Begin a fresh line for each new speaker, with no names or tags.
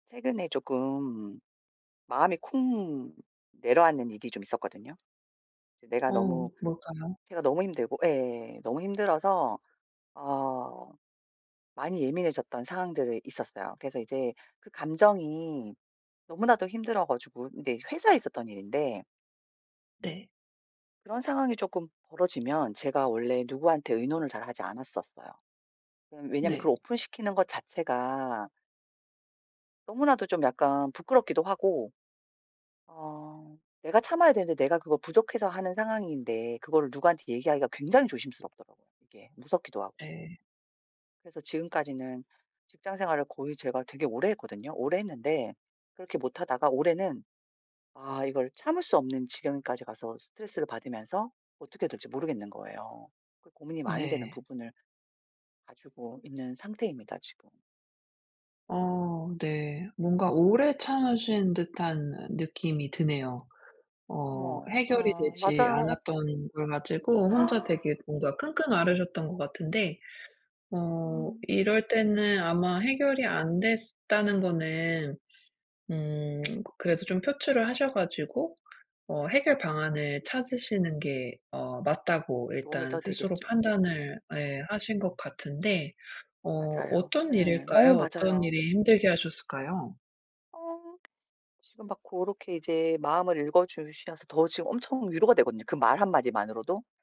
최근에 조금 마음이 쿵 내려앉는 일이 좀 있었거든요. 이제 내가
어
너무
뭘까요?
제가 너무 힘들고 예. 너무 힘들어서 어 많이 예민해졌던 상황들이 있었어요. 그래서 이제 그 감정이 너무나도 힘들어 가지고 네. 회사에서 있었던 일인데
네.
그런 상황이 조금 벌어지면 제가 원래 누구한테 의논을 잘하지 않았었어요. 음 왜냐하면
네.
그걸 오픈시키는 것 자체가 너무나도 좀 약간 부끄럽기도 하고 어 내가 참아야 되는데 내가 그거 부족해서 하는 상황인데 그거를 누구한테 얘기하기가 굉장히 조심스럽더라고요 이게. 무섭기도 하고.
네.
그래서 지금까지는 직장 생활을 거의 제가 되게 오래 했거든요. 오래 했는데 그렇게 못하다가 올해는 아 이걸 참을 수 없는 지경에까지 가서 스트레스를 받으면서 어떻게 해야 될지 모르겠는 거예요. 그 고민이 많이 되는
네.
부분을 가지고 있는 상태입니다 지금.
어 네. 뭔가 오래 참으신 듯한 느낌이 드네요. 어
어머
해결이
어
되지
맞아요.
않았던 걸 가지고 혼자 되게 뭔가 끙끙 앓으셨던 것 같은데 어
아.
이럴 때는 아마 해결이 안 됐으 다는 거는 음 그래도 좀 표출을 하셔 가지고 어 해결 방안을 찾으시는 게 어 맞다고
도움이
일단
더
스스로
되겠죠. 어.
판단을 예. 하신 것 같은데 어
맞아요.
어떤
예. 너무
일일까요? 어떤
맞아요.
일이 힘들게 하셨을까요?
어 지금 막 고렇게 이제 마음을 읽어 주셔서 더 지금 엄청 위로가 되거든요. 그 말 한마디만으로도.